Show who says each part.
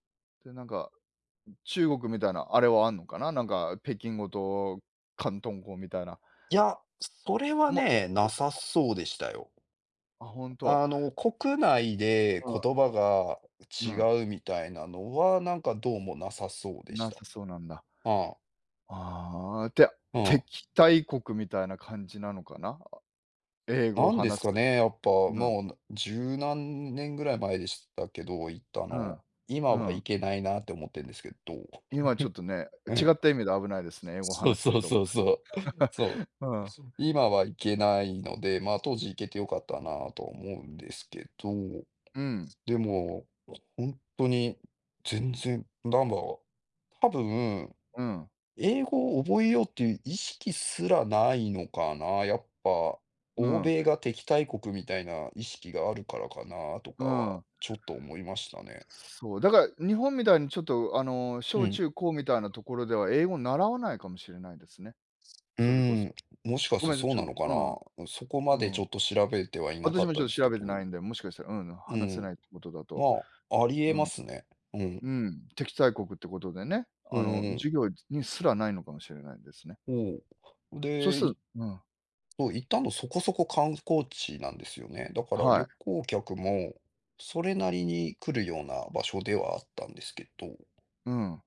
Speaker 1: でなんか、中国みたいなあれはあんのかな、なんか北京語と広東語みたいな。
Speaker 2: いや、それ
Speaker 1: す
Speaker 2: は
Speaker 1: ま [unintelligible]
Speaker 2: ね、なさそうでしたよ。
Speaker 1: あ、ほんと。
Speaker 2: あの、国内で
Speaker 1: うん。
Speaker 2: 言葉が
Speaker 1: うん。
Speaker 2: 違うみたいなのは、なんかどうもなさそうでし
Speaker 1: な
Speaker 2: た。
Speaker 1: さそうなんだ。
Speaker 2: ああ。
Speaker 1: ああ、で、あ、
Speaker 2: うん。
Speaker 1: 敵対国みたいな感じなのかな？英語を
Speaker 2: なんです
Speaker 1: 話す
Speaker 2: か
Speaker 1: ひ
Speaker 2: ね、やっぱ、
Speaker 1: うん。
Speaker 2: もう十何年ぐらい前でしたけど、行った
Speaker 1: う
Speaker 2: の。
Speaker 1: ん、う
Speaker 2: 今は行
Speaker 1: ん。
Speaker 2: けないなって思ってんですけど
Speaker 1: 今ちょっと ね、
Speaker 2: う
Speaker 1: 違
Speaker 2: ん。
Speaker 1: った意味で危ないですね、英語
Speaker 2: そう
Speaker 1: 話す
Speaker 2: そう
Speaker 1: 人。
Speaker 2: そうそう。そ
Speaker 1: うん。
Speaker 2: う、今は行けないので、ま、当時行けてよかったなと思うんですけど。
Speaker 1: うん。
Speaker 2: でも、ほんとに全然なんか、多分
Speaker 1: うん。
Speaker 2: 英語を覚えようっていう意識すらないのかな、やっぱ、
Speaker 1: う
Speaker 2: 欧
Speaker 1: ん。
Speaker 2: 米が敵対国みたいな意識があるからかなとか
Speaker 1: う
Speaker 2: は、
Speaker 1: ん。
Speaker 2: ちょっと思いましたね。
Speaker 1: そう、だから、日本みたいにちょっとあの
Speaker 2: う
Speaker 1: 小
Speaker 2: ん。
Speaker 1: 中高みたいなところでは英語習わないかもしれないですね。
Speaker 2: すう
Speaker 1: それこ
Speaker 2: ー
Speaker 1: そ。
Speaker 2: ん、もしかし
Speaker 1: ご
Speaker 2: た
Speaker 1: めんな
Speaker 2: ら
Speaker 1: さい、
Speaker 2: そう
Speaker 1: ちょ、
Speaker 2: なのか
Speaker 1: う
Speaker 2: な？
Speaker 1: ん。
Speaker 2: うん、そこ
Speaker 1: う
Speaker 2: まで
Speaker 1: ん。う
Speaker 2: ち
Speaker 1: ん。
Speaker 2: ょっと調べてはいなか
Speaker 1: 私
Speaker 2: っ
Speaker 1: もち
Speaker 2: た
Speaker 1: ょっ
Speaker 2: で
Speaker 1: と
Speaker 2: す
Speaker 1: 調
Speaker 2: け
Speaker 1: べてな
Speaker 2: ど。
Speaker 1: いんで、もしかしたら、うん、
Speaker 2: う
Speaker 1: 話せな
Speaker 2: ん。
Speaker 1: いってことだ
Speaker 2: ま
Speaker 1: と。
Speaker 2: あ、あり
Speaker 1: う
Speaker 2: 得ま
Speaker 1: ん。
Speaker 2: すね。うん。
Speaker 1: うん、敵対国ってことでね、
Speaker 2: うん
Speaker 1: あの
Speaker 2: うん。
Speaker 1: 授業にすらないのかもしれないですね。
Speaker 2: おお。
Speaker 1: そう
Speaker 2: で、
Speaker 1: す
Speaker 2: い
Speaker 1: るうん。
Speaker 2: そう、行ったのそこそこ観光地なんですよね。だから
Speaker 1: は
Speaker 2: 旅
Speaker 1: い。
Speaker 2: 行客もそれなりに来るような場所ではあったんですけど。
Speaker 1: うん。